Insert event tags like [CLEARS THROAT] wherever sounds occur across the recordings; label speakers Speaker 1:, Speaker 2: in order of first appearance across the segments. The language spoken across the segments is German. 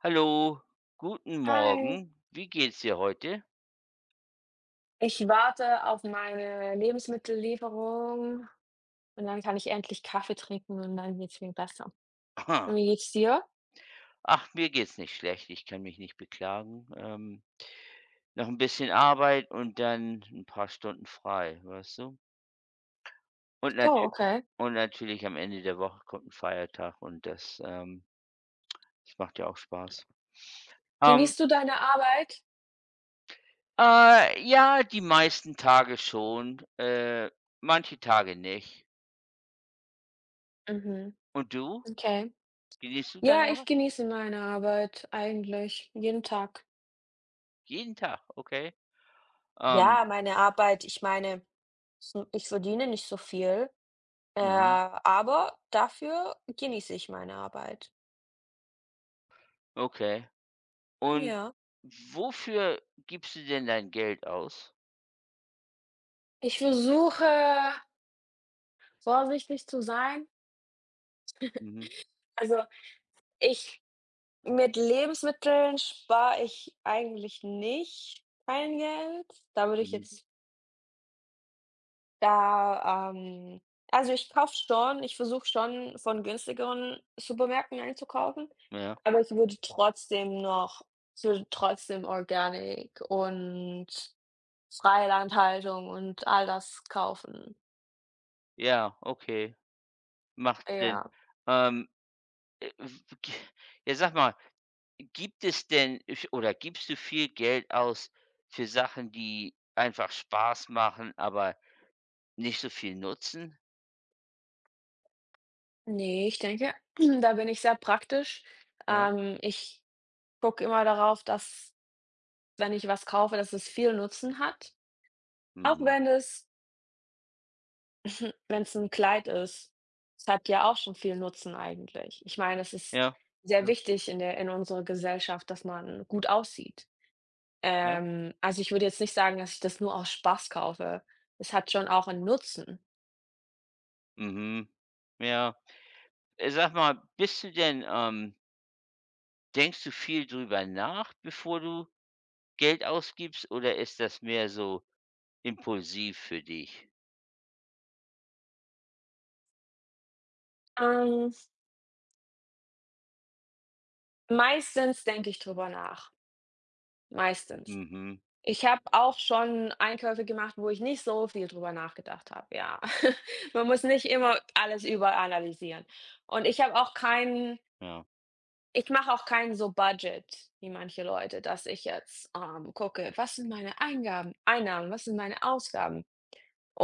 Speaker 1: Hallo. Guten
Speaker 2: Hi.
Speaker 1: Morgen. Wie geht's dir heute?
Speaker 2: Ich warte auf meine Lebensmittellieferung und dann kann ich endlich Kaffee trinken und dann geht's mir besser. Und
Speaker 1: Aha.
Speaker 2: wie geht's dir?
Speaker 1: Ach, mir geht's nicht schlecht. Ich kann mich nicht beklagen. Ähm, noch 'n bisschen Arbeit und dann 'n paar Stunden frei, weißt du? Und
Speaker 2: Oh,
Speaker 1: natü
Speaker 2: Okay.
Speaker 1: und natürlich am Ende der Woche kommt 'n Feiertag und das, ähm es macht ja auch Spaß. Ähm
Speaker 2: Genießt du deine Arbeit?
Speaker 1: Äh, ja, die meisten Tage schon, äh, manche Tage nicht.
Speaker 2: Mhm.
Speaker 1: Und du?
Speaker 2: Okay.
Speaker 1: Genießt du
Speaker 2: Ja,
Speaker 1: deine
Speaker 2: ich
Speaker 1: Arbeit?
Speaker 2: genieße meine Arbeit eigentlich jeden Tag.
Speaker 1: Jeden Tag? Okay. Ähm
Speaker 2: Ja, meine Arbeit ich meine, so, ich verdiene nicht so viel. Äh,
Speaker 1: Mhm.
Speaker 2: aber dafür genieße ich meine Arbeit.
Speaker 1: Okay. Und
Speaker 2: Ja.
Speaker 1: wofür gibst du denn dein Geld aus?
Speaker 2: Ich versuche vorsichtig zu sein.
Speaker 1: Mhm.
Speaker 2: [LAUGHS] Also ich mit Lebensmitteln, spare ich eigentlich nicht mein Geld. Da würde ich
Speaker 1: Mhm.
Speaker 2: jetzt da, ähm also, ich kaufe schon ich versuche schon von günstigeren Supermärkten einzukaufen,
Speaker 1: Ja.
Speaker 2: aber ich würde trotzdem noch ich würde trotzdem organic und freie Landhaltung und all das kaufen.
Speaker 1: Ja, Okay. Macht Sinn.
Speaker 2: Ja.
Speaker 1: Ähm, äh, w k jetzt sag mal, gibt es denn oder gibst du viel Geld aus für Sachen, die einfach Spaß machen, aber nicht so viel nutzen?
Speaker 2: Ne, ich denke, [CLEARS THROAT] da bin ich sehr praktisch.
Speaker 1: Ja.
Speaker 2: Ähm, ich gucke immer darauf, dass wenn ich was kaufe, dass es viel Nutzen hat. Auch
Speaker 1: Mhm.
Speaker 2: wenn es [SNORTS] Wenn's 'n Kleid ist. Es hat ja auch schon viel Nutzen eigentlich. Ich meine, es ist
Speaker 1: Ja,
Speaker 2: sehr
Speaker 1: ja.
Speaker 2: wichtig in der in unserer Gesellschaft, dass man gut aussieht.
Speaker 1: Ja.
Speaker 2: Ähm, also, ich würde jetzt nicht sagen, dass ich das nur aus Spaß kaufe. Das hat schon auch 'n Nutzen.
Speaker 1: Mhm. Ja. Äh, sage mal, bist du denn, ähm denkst du viel drüber nach, bevor du Geld ausgibst? Oder ist das mehr so impulsiv für dich?
Speaker 2: Ähm meistens denke ich drüber nach. Meistens.
Speaker 1: Mhm.
Speaker 2: Ich habe auch schon Einkäufe gemacht, wo ich nicht so viel drüber nachgedacht habe, ja. [CHUCKLES] Man muss nicht immer alles überanalysieren. Und ich habe auch keinen
Speaker 1: Ja.
Speaker 2: ich mache auch keinen so Budget wie manche Leute, dass ich jetzt, ähm, gucke: „Was sind meine Eingaben Einnahmen, was sind meine Ausgaben“.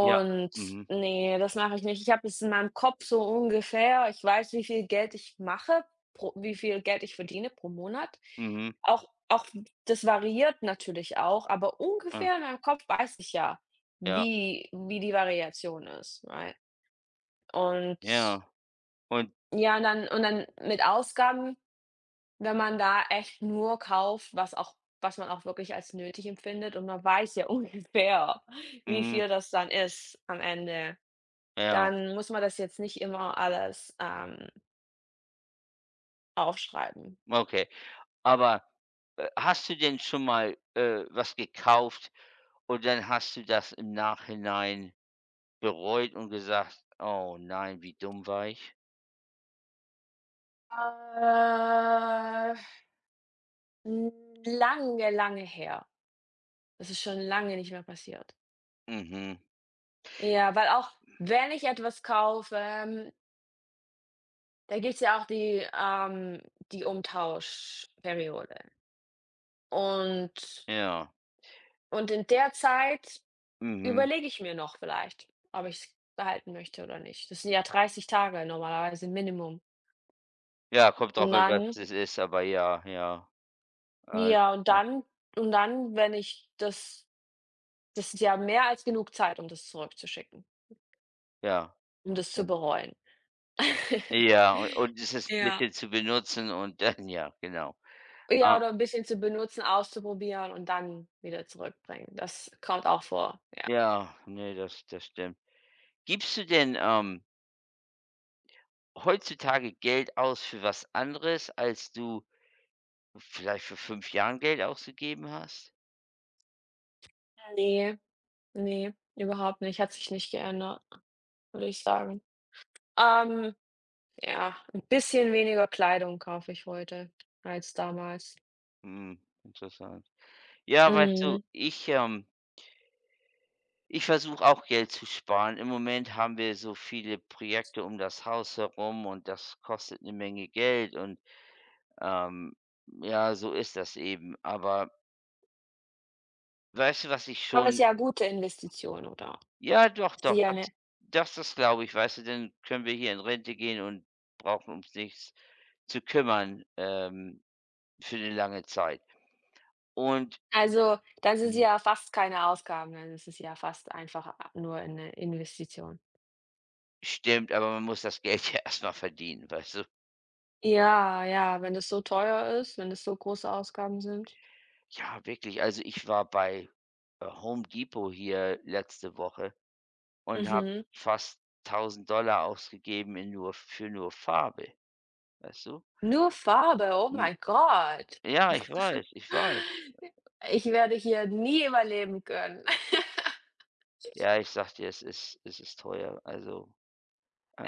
Speaker 1: Ja, mhm.
Speaker 2: ne, das mache ich nicht. Ich habe es in meinem Kopf so ungefähr, ich weiß, wie viel Geld ich mache pro wie viel Geld ich verdiene pro Monat.
Speaker 1: Mhm.
Speaker 2: Auch auch das variiert natürlich auch, aber
Speaker 1: Ah.
Speaker 2: ungefähr in meinem Kopf weiß ich ja,
Speaker 1: Ja.
Speaker 2: wie wie die Variation ist, right? und
Speaker 1: Ja. Und
Speaker 2: ja, und dann und dann mit Ausgaben, wenn man da echt nur kauft, was auch was man auch wirklich als nötig empfindet und man weiß ja ungefähr, wie
Speaker 1: Mhm.
Speaker 2: viel das dann ist am Ende.
Speaker 1: Ja.
Speaker 2: Dann muss man das jetzt nicht immer alles, ähm Aufschreiben.
Speaker 1: Okay, aber, äh, hast du denn schon mal, äh, was gekauft? Und dann hast du das im Nachhinein bereut und gesagt: „Oh, nein, wie dumm war ich?“
Speaker 2: Äh hm, lange, lange her. Das ist schon lange nicht mehr passiert.
Speaker 1: Mhm.
Speaker 2: Ja, weil auch, wenn ich etwas kaufe, ähm da gibt es ja auch die ähm, die Umtauschperiode. Und
Speaker 1: Ja.
Speaker 2: und in der Zeit,
Speaker 1: Mhm.
Speaker 2: überlege ich mir noch vielleicht, ob ich es behalten möchte oder nicht. Das sind ja 30 Tage normalerweise Minimum.
Speaker 1: Ja, kommt drauf
Speaker 2: Und
Speaker 1: an, was
Speaker 2: dann
Speaker 1: das ist, aber ja, ja. Äh
Speaker 2: Ja, und dann und dann, wenn ich das das ist ja mehr als genug Zeit, um das zurückzuschicken.
Speaker 1: Ja,
Speaker 2: Um
Speaker 1: das
Speaker 2: das zu
Speaker 1: stimmt.
Speaker 2: bereuen. [CHUCKLES]
Speaker 1: Ja, u und das 'n
Speaker 2: Ja.
Speaker 1: bisschen zu benutzen und dann [CHUCKLES] ja, genau.
Speaker 2: Ja,
Speaker 1: A
Speaker 2: oder 'n bisschen zu benutzen, auszuprobieren und dann wieder zurückbringen. Das kommt auch vor, ja.
Speaker 1: Ja, ne, das das stimmt. Gibst du denn, ähm Heutzutage Geld aus für was anderes, als du, vielleicht vor 5 Jahren Geld ausgegeben hast?
Speaker 2: Äh, ne, ne, überhaupt nicht, hat sich nicht geändert, würde ich sagen. Ähm, ja, 'n bisschen weniger Kleidung kaufe ich heute, als damals.
Speaker 1: Mhm, interessant. Ja, weißt du,
Speaker 2: Mhm.
Speaker 1: ich ähm ich versuche auch Geld zu sparen. Im Moment haben wir so viele Projekte um das Haus herum und das kostet 'ne Menge Geld und ähm, ja, so ist das eben, aber weißt du, was ich
Speaker 2: Aber ist
Speaker 1: schon
Speaker 2: ja gute Investition, oder?
Speaker 1: Ja doch,
Speaker 2: Ist
Speaker 1: doch.
Speaker 2: ja
Speaker 1: Das
Speaker 2: 'ne
Speaker 1: das ist glaube ich weißt du, dann können wir hier in Rente gehen und brauchen ums nichts zu kümmern. Ähm, für 'ne lange Zeit und
Speaker 2: Also, dann sind sie
Speaker 1: mhm.
Speaker 2: ja fast keine Ausgaben, denn das ist ja fast einfach a nur 'ne Investition.
Speaker 1: Stimmt, aber man muss das Geld ja erstmal verdienen, weißt du?
Speaker 2: Ja, ja, wenn das so teuer ist, wenn das so große Ausgaben sind.
Speaker 1: Ja, wirklich. Also, ich war bei Home Depot hier letzte Woche und habe
Speaker 2: Mhm.
Speaker 1: fast 1.000 $ ausgegeben in nur für nur Farbe. Weißt du?
Speaker 2: Nur Farbe, oh
Speaker 1: N
Speaker 2: mein Gott.
Speaker 1: Ja, ich weiß, ich
Speaker 2: [LAUGHS]
Speaker 1: weiß.
Speaker 2: I ich werde hier nie überleben können. [LAUGHS]
Speaker 1: Ja, ich sage dir, es ist es ist teuer. Also,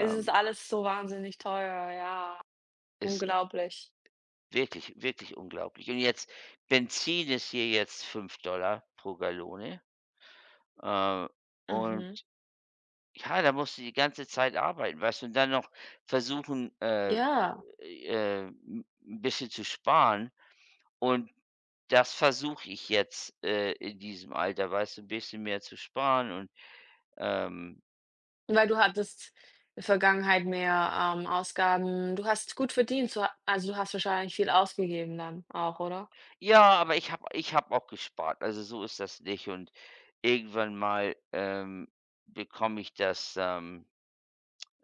Speaker 2: Es ist alles so wahnsinnig teuer, ja.
Speaker 1: Es
Speaker 2: Unglaublich.
Speaker 1: Wirklich, wirklich unglaublich. Und jetzt Benzin ist hier jetzt 5 $ pro Gallone. Äh, und,
Speaker 2: Mhm.
Speaker 1: ja, da musst du die ganze Zeit arbeiten, weißt du? Und dann noch versuchen, äh,
Speaker 2: Ja.
Speaker 1: äh, 'n bisschen zu sparen. Und das versuche ich jetzt, äh, in diesem Alter, weißt du, bisschen mehr zu sparen und, ähm
Speaker 2: Weil du hattest Vergangenheit mehr, ähm, Ausgaben. Du hast gut verdient, so also du hast wahrscheinlich viel ausgegeben dann auch, oder?
Speaker 1: Ja, aber ich habe ich habe auch gespart. Also so ist das nicht. Und irgendwann mal, ähm, bekomme ich das, ähm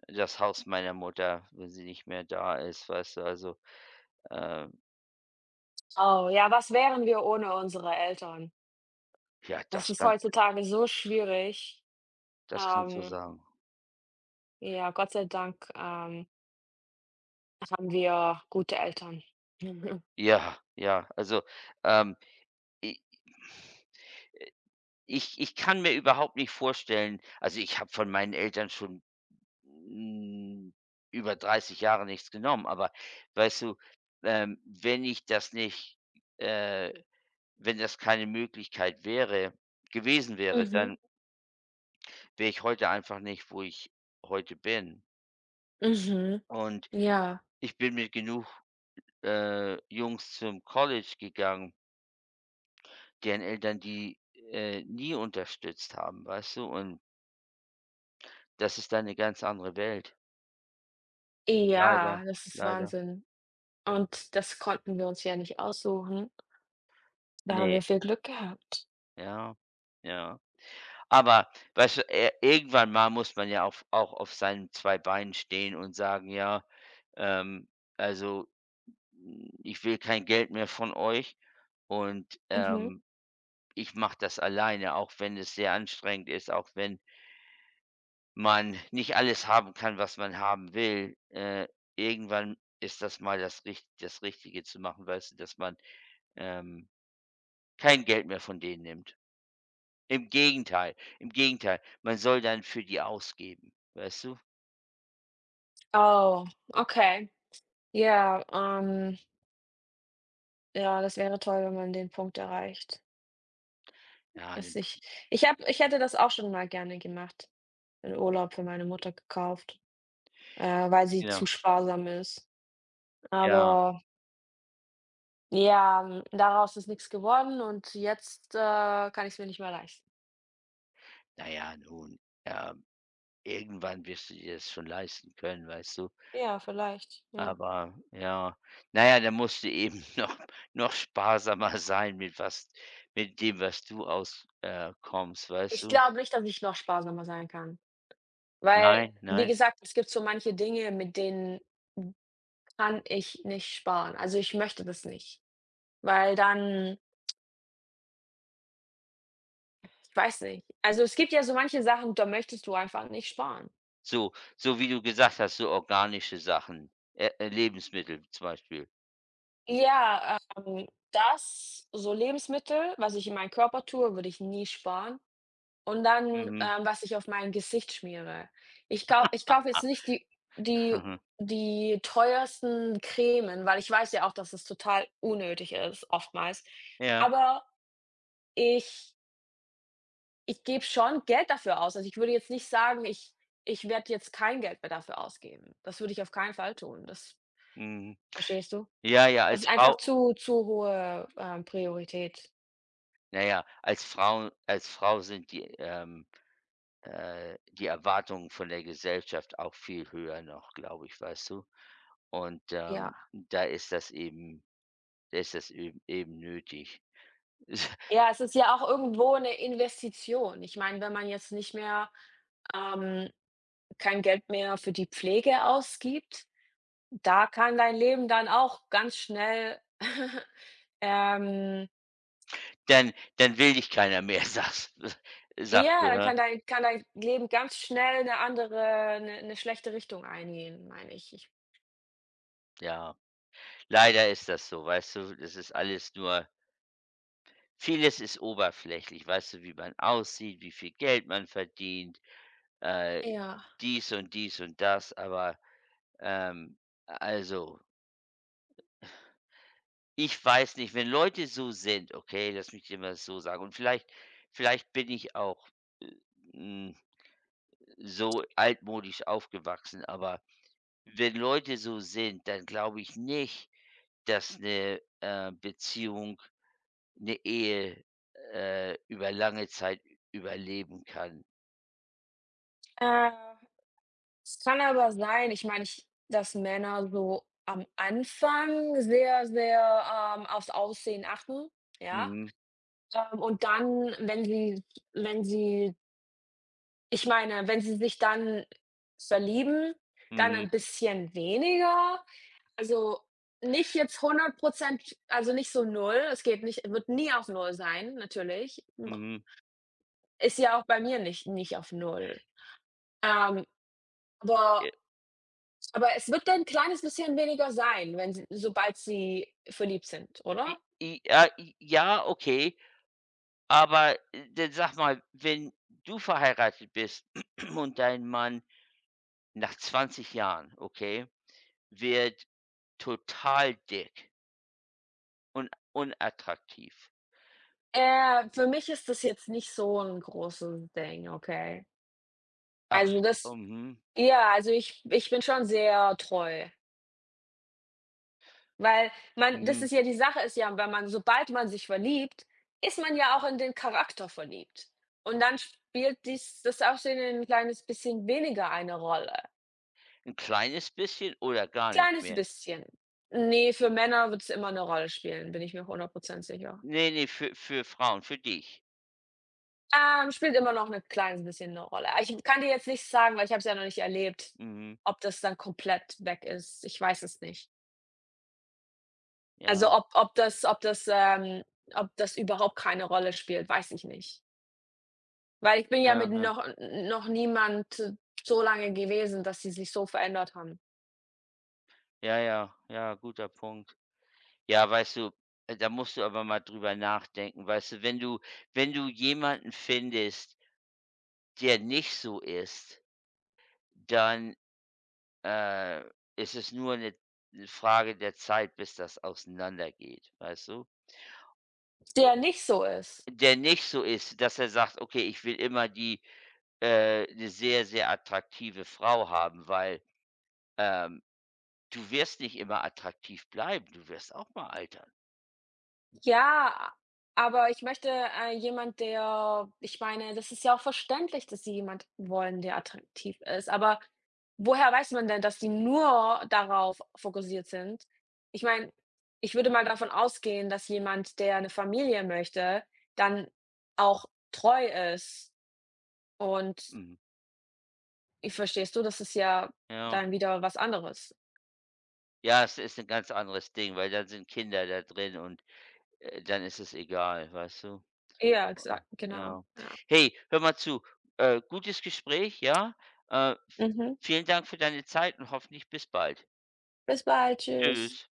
Speaker 1: das Haus meiner Mutter, wenn sie nicht mehr da ist, weißt du, also, ähm
Speaker 2: Oh, ja, was wären wir ohne unsere Eltern?
Speaker 1: Ja,
Speaker 2: Es
Speaker 1: das
Speaker 2: ist
Speaker 1: kannst du
Speaker 2: heutzutage so schwierig,
Speaker 1: Das kannst du
Speaker 2: ähm
Speaker 1: sagen.
Speaker 2: Ja, Gott sei Dank, ähm haben wir gute Eltern. [CHUCKLES]
Speaker 1: Ja, ja, also, ähm, i äh, ich ich kann mir überhaupt nicht vorstellen also, ich habe von meinen Eltern schon hm über 30 Jahre nichts genommen. Aber weißt du, ähm, wenn ich das nicht, äh wenn das keine Möglichkeit wäre gewesen wäre,
Speaker 2: Mhm.
Speaker 1: dann wäre ich heute einfach nicht, wo ich heute bin.
Speaker 2: Mhm.
Speaker 1: Und
Speaker 2: Ja.
Speaker 1: ich bin mit genug, äh, Jungs zum College gegangen deren Eltern, die, äh, nie unterstützt haben, weißt du und das ist dann 'ne ganz andere Welt. Leider,
Speaker 2: Ja, das ist
Speaker 1: leider.
Speaker 2: Wahnsinn. Und das konnten wir uns ja nicht aussuchen. Da haben wir
Speaker 1: Ne.
Speaker 2: viel Glück gehabt.
Speaker 1: Ja, ja. Aber weißt du, äh, irgendwann mal muss man ja auf auch auf seinen 2 Beinen stehen und sagen ja, ähm, also, hm, ich will kein Geld mehr von euch. Und,
Speaker 2: Mhm.
Speaker 1: ähm, ich mache das alleine, auch wenn es sehr anstrengend ist, auch wenn man nicht alles haben kann, was man haben will. Äh, irgendwann ist das mal das Richt das Richtige zu machen. Weißt du, dass man, ähm, kein Geld mehr von denen nimmt. Im Gegenteil, im Gegenteil. Man soll dann für die ausgeben, weißt du.
Speaker 2: Oh, okay. Ja, ähm ja, das wäre toll, wenn man den Punkt erreicht.
Speaker 1: Ja, den
Speaker 2: Dass
Speaker 1: P
Speaker 2: ich ich habe ich hätte das auch schon mal gerne gemacht, einen Urlaub für meine Mutter gekauft, äh, weil sie zu
Speaker 1: Genau.
Speaker 2: sparsam ist,
Speaker 1: Ja.
Speaker 2: aber Ja, hm, daraus ist nix geworden und jetzt, äh, kann ich es mir nicht mehr leisten.
Speaker 1: Na ja, nun, ähm, irgendwann wirst du dir das schon leisten können, weißt du?
Speaker 2: Ja, vielleicht, ja.
Speaker 1: Aber ja. Na ja, da musst du eben [GIGGLES] noch noch sparsamer sein mit was mit dem, was du aus äh, kommst, weißt
Speaker 2: Ich
Speaker 1: du.
Speaker 2: glaube nicht, dass ich noch sparsamer sein kann, weil,
Speaker 1: Nein,
Speaker 2: wie
Speaker 1: nein.
Speaker 2: gesagt, es gibt so manche Dinge, mit denen kann ich nicht sparen. Also ich möchte das nicht, weil dann Weiß nicht. Also, es gibt ja so manche Sachen, da möchtest du einfach nicht sparen.
Speaker 1: So so, wie du gesagt hast, so organische Sachen, äh äh, Lebensmittel zum Beispiel.
Speaker 2: Ja, ähm, das so Lebensmittel, was ich in meinem Körper tue, würde ich nie sparen. Und dann,
Speaker 1: Mhm.
Speaker 2: ähm, was ich auf mein Gesicht schmiere. Ich kau ich kaufe jetzt nicht
Speaker 1: [LAUGHS]
Speaker 2: die die
Speaker 1: [CHUCKLES]
Speaker 2: die teuersten Cremes, weil ich weiß ja auch, dass das total unnötig ist, oftmals,
Speaker 1: Ja.
Speaker 2: aber ich Ich gebe schon Geld dafür aus. Also, ich würde jetzt nicht sagen: „ich ich werde jetzt kein Geld mehr dafür ausgeben.“ Das würde ich auf keinen Fall tun, das
Speaker 1: Mhm.
Speaker 2: Verstehst du?
Speaker 1: Ja, ja,
Speaker 2: Das
Speaker 1: als
Speaker 2: sind einfach
Speaker 1: Frau
Speaker 2: zu zu hohe, ähm, Priorität.
Speaker 1: Na ja, als Frau als Frau sind die, ähm, äh, die Erwartungen von der Gesellschaft auch viel höher noch, glaube ich, weißt du? Und, ähm,
Speaker 2: Ja.
Speaker 1: da ist das eben, da ist das ö eben nötig.
Speaker 2: Ja, es ist ja auch irgendwo 'ne Investition. Ich meine, wenn man jetzt nicht mehr ähm, kein Geld mehr für die Pflege ausgibt, da kann dein Leben dann auch ganz schnell [CHUCKLES] ähm
Speaker 1: Dann dann will dich keiner mehr, sags s sagste du,
Speaker 2: Ja,
Speaker 1: he?
Speaker 2: kann dein kann dein Leben ganz schnell 'ne andere, 'ne 'ne schlechte Richtung eingehen, meine ich, ich
Speaker 1: Ja, leider ist das so, weißt du? Das ist alles nur vieles ist oberflächlich, weißt du? Wie man aussieht, wie viel Geld man verdient, äh,
Speaker 2: Ja.
Speaker 1: dies und dies und das, aber, ähm, also ich weiß nicht, wenn Leute so sind okay, lass mich dir mal so sagen und vielleicht vielleicht bin ich auch, äh, hm, so altmodisch aufgewachsen, aber wenn Leute so sind, dann glaube ich nicht, dass 'ne, äh, Beziehung, 'ne Ehe, äh, über lange Zeit ü überleben kann.
Speaker 2: Äh. Es kann aber sein, ich meine ich dass Männer so am Anfang sehr, sehr, ähm, aufs Aussehen achten, ja?
Speaker 1: Mhm.
Speaker 2: Ähm, und dann, wenn sie wenn sie ich meine, wenn sie sich dann verlieben, dann
Speaker 1: Mhm.
Speaker 2: ein bisschen weniger. Also, nicht jetzt 100 % also, nicht so 0, es geht nicht wird nie auf null sein, natürlich. [UNINTELLIGIBLE]
Speaker 1: Mhm.
Speaker 2: Ist ja auch bei mir nicht nicht auf 0. Ähm, aber
Speaker 1: Ä
Speaker 2: aber es wird ein kleines bisschen weniger sein, wenn sie sobald sie verliebt sind,
Speaker 1: I
Speaker 2: oder?
Speaker 1: i ja, i ja, okay. Aber dann sag mal, wenn du verheiratet bist [CLEARS THROAT] und dein Mann nach 20 Jahren, okay, wird total dick und unattraktiv.
Speaker 2: Äh, für mich ist das jetzt nicht so 'n großen Ding, okay?
Speaker 1: Ach
Speaker 2: Also
Speaker 1: s
Speaker 2: das
Speaker 1: mhm.
Speaker 2: ja, also ich ich bin schon sehr treu. Weil man das
Speaker 1: Mhm.
Speaker 2: ist ja die Sache ist ja, wenn man sobald man sich verliebt, ist man ja auch in den Charakter verliebt. Und dann spielt dies das Aussehen 'n kleines bisschen weniger eine Rolle.
Speaker 1: 'N kleines bisschen oder gar nicht
Speaker 2: Kleines
Speaker 1: mehr.
Speaker 2: bisschen. Ne, für Männer wird's immer 'ne Rolle spielen, bin ich mir 100 % sicher.
Speaker 1: Ne, ne, für für Frauen, für dich.
Speaker 2: Ähm, spielt immer noch 'ne klein bisschen 'ne Rolle. Aber ich kann dir jetzt nicht sagen, weil ich habe es ja noch nicht erlebt,
Speaker 1: Mhm.
Speaker 2: ob das dann komplett weg ist. Ich weiß es nicht. Also,
Speaker 1: Ja.
Speaker 2: ob ob das ob das, ähm ob das überhaupt keine Rolle spielt, weiß ich nicht. Weil ich bin ja
Speaker 1: Ja,
Speaker 2: mit
Speaker 1: ja.
Speaker 2: noch noch n niemand so lange gewesen, dass sie sich so verändert haben.
Speaker 1: Ja, ja, ja. Guter Punkt. Ja, weißt du, äh, da musst du aber mal darüber nachdenken. Weißt du, wenn du wenn du jemanden findest der nicht so ist dann, äh, ist es nur 'ne 'ne Frage der Zeit, bis das auseinandergeht. Weißt du? O
Speaker 2: Der nicht so ist?
Speaker 1: der nicht so ist, dass er sagt: „Okay, ich will immer die äh, 'ne sehr, sehr attraktive Frau haben“, weil, ähm, du wirst nicht immer attraktiv bleiben. Du wirst auch mal altern.
Speaker 2: Ja, aber ich möchte, äh, jemand, der ich meine, das ist ja auch verständlich, dass sie jemand wollen, der attraktiv ist. Aber woher weiß man denn, dass die nur darauf fokussiert sind? Ich meine, ich würde mal davon ausgehen, dass jemand, der 'ne Familie möchte, dann auch treu ist und
Speaker 1: Mhm.
Speaker 2: Ich verstehst du? Das ist ja
Speaker 1: Ja.
Speaker 2: dann wieder was anderes.
Speaker 1: Ja, das ist 'n ganz anderes Ding, weil dann sind Kinder da drin und, äh, dann ist es egal. Weißt du?
Speaker 2: Ja, exakt, genau,
Speaker 1: Ja.
Speaker 2: ja.
Speaker 1: Hey, hör mal zu, äh, gutes Gespräch, ja, äh,
Speaker 2: Mhm.
Speaker 1: vielen Dank für deine Zeit und hoffentlich bis bald.
Speaker 2: Bis bald, tschüss.
Speaker 1: Tschüss.